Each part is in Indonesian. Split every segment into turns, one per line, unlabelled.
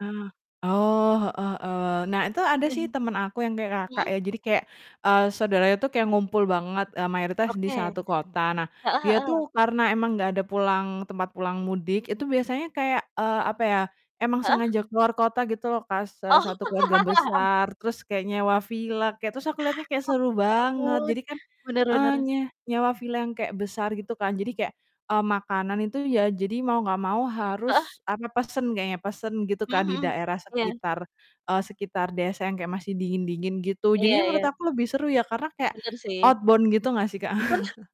Nah oh, heeh heeh, nah itu ada sih temen aku yang kayak, Kakak
Mhm.
ya. Jadi kayak, eee, saudara itu kayak ngumpul banget, eee, mayoritas di
Oke.
1 kota, nah
Heeh
dia
heeh.
tuh karena emang nggak ada pulang tempat pulang mudik itu biasanya kayak, eee, apa ya, emang
Heeh.
sengaja keluar kota gitu loh, Kak, se 1 keluarga
Oh.
besar terus kayak nyewa villa, kayak, terus aku lihatnya kayak
Oh
seru
ya
banget.
ampun,
Jadi kan,
bener
eee,
bener.
nye nyewa villa yang kayak besar gitu kan jadi kayak, eee, makanan itu ya jadi mau nggak mau
Heeh.
harus, apa, pesen kayaknya, pesen gitu
Mhm
kan di
mhm,
daerah
iya.
sekitar, eee, sekitar desa yang kayak masih dingin-dingin gitu
Iya
jadi menurut
iya.
aku lebih seru ya karena kayak
Bener sih.
outbound gitu gak sih, Kak?
Bener,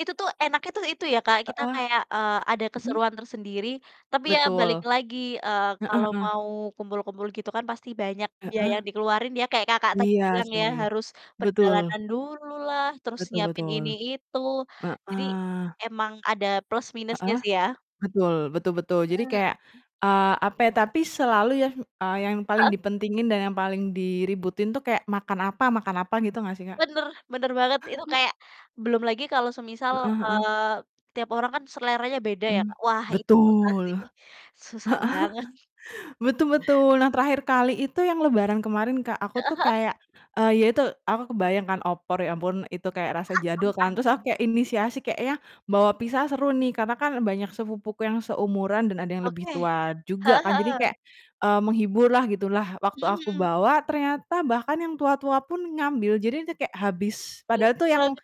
itu tuh enaknya tuh itu ya, Kak, kita
Heeh.
kayak, eee, ada
Mhm.
keseruan tersendiri, tapi ya balik
Betul.
lagi, eee,
Heeh
kalau
heeh.
mau kumpul-kumpul gitu kan pasti banyak biaya
Heeh.
yang dikeluarin ya kayak, Kakak, tadi
Iya
bilang ya
sih,
harus
betul.
perjalanan dulu lah terus
Betul
nyiapin
betul.
ini itu, jadi
Heeh.
emang ada plus minusnya
Heeh,
sih ya.
betul betul betul, jadi
Mhm.
kayak, eee, apa ya tapi selalu yang, eee, yang paling
Heeh.
dipentingin dan yang paling diributin tuh kayak makan apa makan apa gitu ga sih, Kak?
Bener bener banget itu kayak belum lagi kalau semisal,
Heeh heeh.
eee, tiap orang kan seleranya beda ya,
Hmm,
Kak, wah itu susah
betul,
sih, susah banget.
heeh, betul betul, nah terakhir kali itu yang Lebaran kemarin, Kak,
Heeh
aku tuh
heeh.
kayak, eee, ya itu aku kebayang kan opor ya ampun itu kayak rasa jadul kan,
Mmm.
terus aku kayak inisiasi kayaknya bawa pizza seru nih, karena kan banyak sepupuku yang seumuran dan ada yang lebih
Oke,
tua juga
heeh
kan jadi
heeh.
kayak, eee, menghibur lah gitu lah waktu
Mhm
aku
mhm.
bawa ternyata bahkan yang tua-tua pun ngambil. Jadi itu kayak habis padahal
Lucu
tuh
banget.
yang,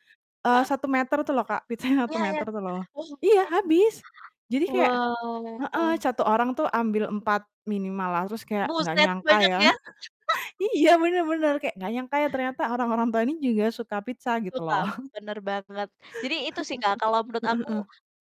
eee, 1 meter tuh loh, Kak, pizzanya 1
Iya iya,
meter tuh loh.
[unintelligible]
Iya, habis jadi kayak
wow
heeh,
wow.
1 orang tuh ambil 4 minimal lah terus kayak gak
Buset,
nyangka
banyak
ya.
ya.
Iya bener bener kayak nggak nyangka ya ternyata orang-orang tua ini juga suka pizza gitu
Suka,
loh.
bener banget jadi itu sih, Kak, kalau menurut
Heeh
aku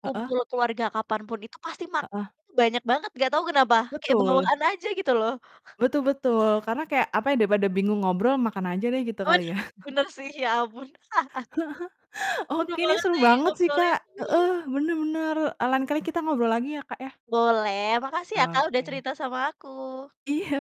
heeh. Heeh?
kumpul keluarga kapan pun itu pasti
Heeh.
makanannya tuh banyak banget gak tau kenapa kayak
Betul.
bawaan aja gitu loh.
Betul betul karena kayak apa ya, daripada bingung ngobrol makan aja deh gitu
Oh wah nah
kali ya.
bener, sih ya ampun. Seneng
Oke ini
banget
seru
nih
banget sih,
ngobrolin
Kak,
mhm.
heeh, bener bener, eee, lain kali kita ngobrol lagi ya, Kak, ya?
Boleh makasih ya,
Oh,
Kak, udah
oke.
cerita sama aku.
Iya.